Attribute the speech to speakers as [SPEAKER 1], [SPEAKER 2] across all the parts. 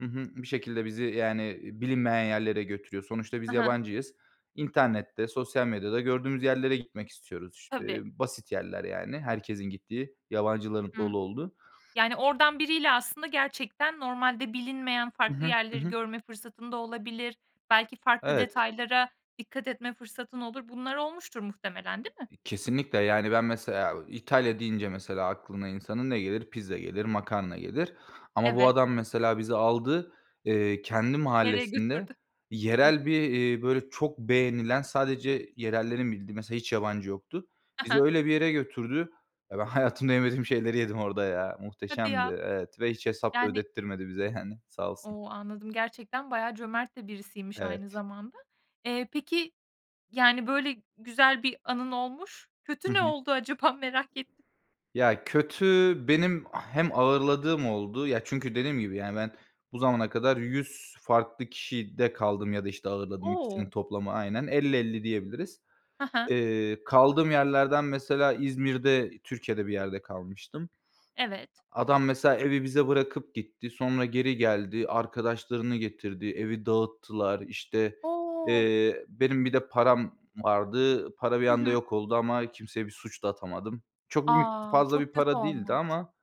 [SPEAKER 1] Hı hı. Bir şekilde bizi yani, eee, bilinmeyen yerlere götürüyor. Sonuçta
[SPEAKER 2] Ha
[SPEAKER 1] biz
[SPEAKER 2] ha.
[SPEAKER 1] yabancıyız. İnternette, sosyal medyada gördüğümüz yerlere gitmek istiyoruz. İşte
[SPEAKER 2] Tabii.
[SPEAKER 1] basit yerler yani. Herkesin gittiği, yabancıların
[SPEAKER 2] Hı hı.
[SPEAKER 1] dolu olduğu.
[SPEAKER 2] Yani oradan biriyle aslında gerçekten normalde bilinmeyen
[SPEAKER 1] Hı
[SPEAKER 2] farklı
[SPEAKER 1] hı. Hı
[SPEAKER 2] yerleri
[SPEAKER 1] hı.
[SPEAKER 2] görme fırsatın da olabilir, belki farklı
[SPEAKER 1] Evet.
[SPEAKER 2] detaylara dikkat etme fırsatın olur. Bunlar olmuştur muhtemelen, değil mi?
[SPEAKER 1] İ kesinlikle. Yani ben mesela, eee, İtalya deyince mesela aklına insanın ne gelir? Pizza gelir, makarna gelir. Ama bu
[SPEAKER 2] Evet.
[SPEAKER 1] adam mesela bizi aldı, eee, kendi
[SPEAKER 2] Nereye
[SPEAKER 1] mahallesinde
[SPEAKER 2] götürdü? Hı.
[SPEAKER 1] yerel bir, iii, böyle çok beğenilen sadece yerellerin bildiği mesela hiç yabancı yoktu.
[SPEAKER 2] Ha
[SPEAKER 1] Bizi
[SPEAKER 2] ha.
[SPEAKER 1] öyle bir yere götürdü. Ben hayatımda yemediğim şeyleri yedim orada ya.
[SPEAKER 2] Hadi
[SPEAKER 1] Muhteşemdi
[SPEAKER 2] ya!
[SPEAKER 1] evet ve hiç hesap
[SPEAKER 2] Yani
[SPEAKER 1] ödettirmedi bize yani sağ olsun.
[SPEAKER 2] O, anladım gerçekten bayağı cömert de birisiymiş aynı
[SPEAKER 1] Evet.
[SPEAKER 2] zamanda. Eee, peki yani böyle güzel bir anın olmuş,
[SPEAKER 1] Hı
[SPEAKER 2] kötü ne
[SPEAKER 1] hı.
[SPEAKER 2] oldu acaba? Merak ettim.
[SPEAKER 1] Ya, kötü benim ah hem ağırladığım oldu. Ya, çünkü dediğim gibi yani ben bu zamana kadar 100 farklı kişide kaldım ya da, işte, ağırladım ikisinin
[SPEAKER 2] O.
[SPEAKER 1] toplamı aynen. 50-50 diyebiliriz.
[SPEAKER 2] Ha ha.
[SPEAKER 1] Eee, kaldığım yerlerden mesela İzmir'de, Türkiye'de bir yerde kalmıştım.
[SPEAKER 2] Evet.
[SPEAKER 1] A adam mesela evi bize bırakıp gitti. Sonra geri geldi. Arkadaşlarını getirdi. Evi dağıttılar. İşte,
[SPEAKER 2] O.
[SPEAKER 1] eee, benim bir de param vardı. Para bir
[SPEAKER 2] Hı
[SPEAKER 1] anda
[SPEAKER 2] hı.
[SPEAKER 1] yok oldu ama kimseye bir suç da atamadım. Çok büyük,
[SPEAKER 2] A,
[SPEAKER 1] fazla bir
[SPEAKER 2] çok kötü
[SPEAKER 1] para değildi
[SPEAKER 2] olmuş.
[SPEAKER 1] ama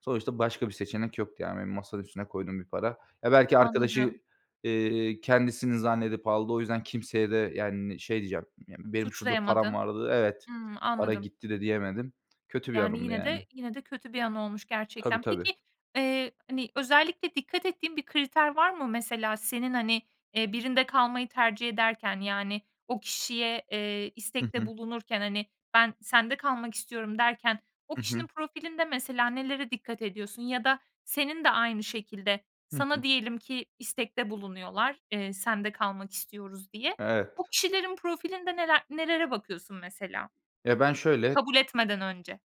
[SPEAKER 1] sonuçta başka bir seçenek yoktu yani benim masanın üstüne koyduğum bir para. Ya, belki arkadaşı,
[SPEAKER 2] Anladım.
[SPEAKER 1] ııı, kendisinin zannedip aldı, o yüzden kimseye de yani, eee, şey diyeceğim, "Ya, benim şurada param
[SPEAKER 2] Suçlayamadın.
[SPEAKER 1] vardı." Evet,
[SPEAKER 2] Hımm,
[SPEAKER 1] "Para
[SPEAKER 2] anladım.
[SPEAKER 1] gitti." de diyemedim. Kötü bir
[SPEAKER 2] Yani
[SPEAKER 1] anımdı
[SPEAKER 2] yine
[SPEAKER 1] yani.
[SPEAKER 2] de, yine de kötü bir anı olmuş
[SPEAKER 1] Tabii,
[SPEAKER 2] gerçekten. Peki,
[SPEAKER 1] tabii.
[SPEAKER 2] eee, hani, özellikle dikkat ettiğin bir kriter var mı mesela senin, hani, eee, birinde kalmayı tercih ederken yani o kişiye, eee,
[SPEAKER 1] Hı
[SPEAKER 2] istekte
[SPEAKER 1] hı.
[SPEAKER 2] bulunurken, hani, "Ben sende kalmak istiyorum." derken o
[SPEAKER 1] Hı hı.
[SPEAKER 2] kişinin profilinde mesela nelere dikkat ediyorsun? Ya da senin de aynı şekilde
[SPEAKER 1] Hı
[SPEAKER 2] sana
[SPEAKER 1] hı.
[SPEAKER 2] diyelim ki istekte bulunuyorlar, eee, sende kalmak istiyoruz diye,
[SPEAKER 1] Evet.
[SPEAKER 2] o kişilerin profilinde neler nelere bakıyorsun mesela
[SPEAKER 1] Ya, ben şöyle
[SPEAKER 2] kabul etmeden önce?